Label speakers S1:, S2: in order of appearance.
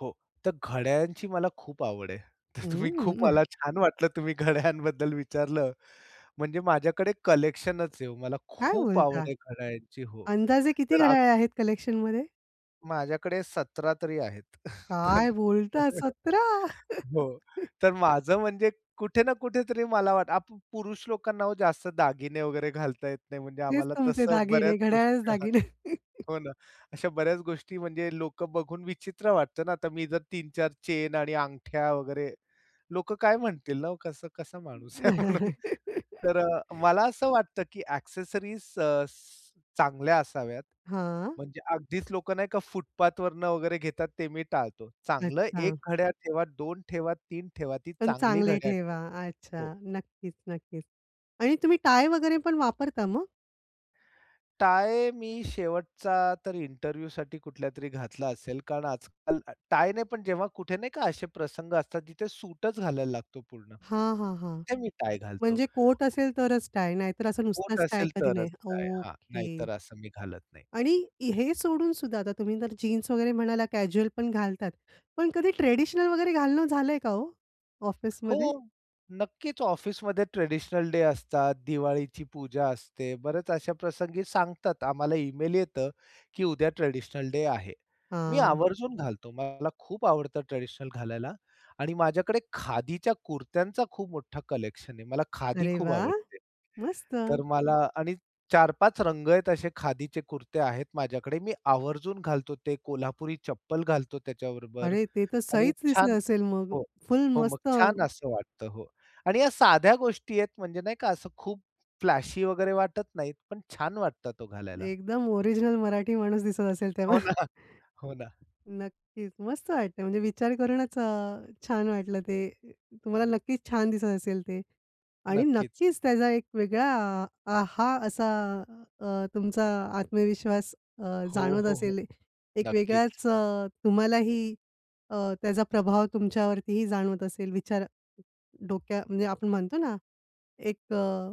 S1: हो. तर घड्याळयांची मला खूप आवड आहे. तर तुम्ही खूप
S2: हम्म.
S1: मला छान वाटलं तुम्ही घड्याळयांबद्दल विचारलं म्हणजे माझ्याकडे कलेक्शनच आहे. मला
S2: काय
S1: खूप आवड
S2: बोलता?
S1: आहे घड्याळयांची हो.
S2: अंदाजे किती
S1: तर आ,
S2: घड्याळे आहेत कलेक्शनमध्ये?
S1: माझ्याकडे 17 तरी आहेत.
S2: काय
S1: तर
S2: बोलताय? सतरा!
S1: हो, तर माझं म्हणजे कुठे ना कुठेतरी मला वाट आपण पुरुष लोकांना ओ जास्त दागिने वगैरे घालता येत नाही म्हणजे
S2: तेच
S1: आम्हाला
S2: तुमचे
S1: तसं बऱ्याच
S2: दागिने, घड्याळच
S1: गोष्टी. हां.
S2: दागिने.
S1: हो ना. अशा बऱ्याच गोष्टी म्हणजे लोकं बघून विचित्र वाटत ना. आता मी जर 3-4 चेन आणि अंगठ्या वगैरे लोक काय म्हणतील ना हो. कसा कसा माणूस आहे म्हणून तर अ, मला असं वाटतं की एक्सेसरीज अ, स चांगल्या असाव्यात.
S2: हां.
S1: म्हणजे अगदीच लोकं नाही का फुटपाथवरून वगैरे घेतात ते मी टाळतो. चांगलं 1
S2: अच्छा.
S1: घड्याळ ठेवा. 2 ठेवा, 3 ती
S2: पण
S1: चांगली
S2: चांगले
S1: घड्याळ
S2: ठेवा.
S1: ठेवा. हो.
S2: अच्छा. नक्कीच, नक्कीच आणि तुम्ही टाय वगैरे पण वापरता मग?
S1: टाय मी शेवटचा तर इंटरव्ह्यूसाठी कुठल्यातरी घातला असेल. कारण आजकाल टायने पण जेव्हा कुठे नाही का, असे प्रसंग असतात तिथे सूटच घालायला लागतो पूर्ण.
S2: हां, हां, हां.
S1: तेव्हा मी टाय घालतो.
S2: म्हणजे कोट असेल तरच टाय, नाहीतर असं
S1: कोट
S2: नुसतच टाय
S1: असेल
S2: कधी
S1: तरच
S2: नाही
S1: टाय हां,
S2: ओके.
S1: नाहीतर असं मी घालत नाही.
S2: आणि हे सोडूनसुद्धा आता तुम्ही तर जीन्स वगैरे म्हणाला कॅज्युअल पण घालतात. पण कधी ट्रेडिशनल वगैरे घालणं झालंय का हो,
S1: हो
S2: ऑफिसमध्ये?
S1: नक्कीच, ऑफिसमध्ये ट्रेडिशनल डे असतात. दिवाळीची पूजा असते. बऱ्याच अशा प्रसंगी सांगतात आम्हाला इमेल येतं, की उद्या ट्रेडिशनल डे आहे. मी
S2: हां.
S1: आवर्जून घालतो. मला खूप आवडतं ट्रेडिशनल घालायला आणि माझ्याकडे खादीच्या कुरत्यांचा खूप मोठा कलेक्शन आहे. मला खादी
S2: अरे
S1: खूप
S2: वाह!
S1: आवडते. तर
S2: मस्त!
S1: मला आणि 4-5 रंग आहेत असे खादीचे कुर्ते आहेत माझ्याकडे, मी आवर्जून घालतो. ते कोल्हापुरी चप्पल घालतो त्याच्याबरोबर
S2: अरे ते तर
S1: आणि
S2: सहीच
S1: छान
S2: दिसलं असेल मग?
S1: हो.
S2: फुल
S1: हो. मग
S2: मस्त
S1: छान असं वाटतं हो, आणि या साध्या गोष्टी आहेत म्हणजे नाही का, असं खूप फ्लॅशी वगैरे वाटत नाहीत, पण छान वाटतातं हो घालायला.
S2: एकदम ओरिजिनल मराठी माणूस दिसत असेल तेव्हा.
S1: हो ना. हो ना.
S2: नक्कीच. मस्त वाटतंय म्हणजे विचार करूनच अ, छान वाटलं ते तुम्हाला नक्कीच छान दिसत असेल ते आणि
S1: नक्कीच.
S2: नक्कीच त्याचा एक वेगळा अ, हा असा अ, तुमचा आत्मविश्वास अ,
S1: हो,
S2: जाणवत
S1: हो, हो.
S2: असेल, एक
S1: नक्कीच.
S2: वेगळाच अ, तुम्हालाही अ, त्याचा प्रभाव तुमच्यावरतीही जाणवत असेल, विचार डोक्यात म्हणजे आपण म्हणतो ना, एक अ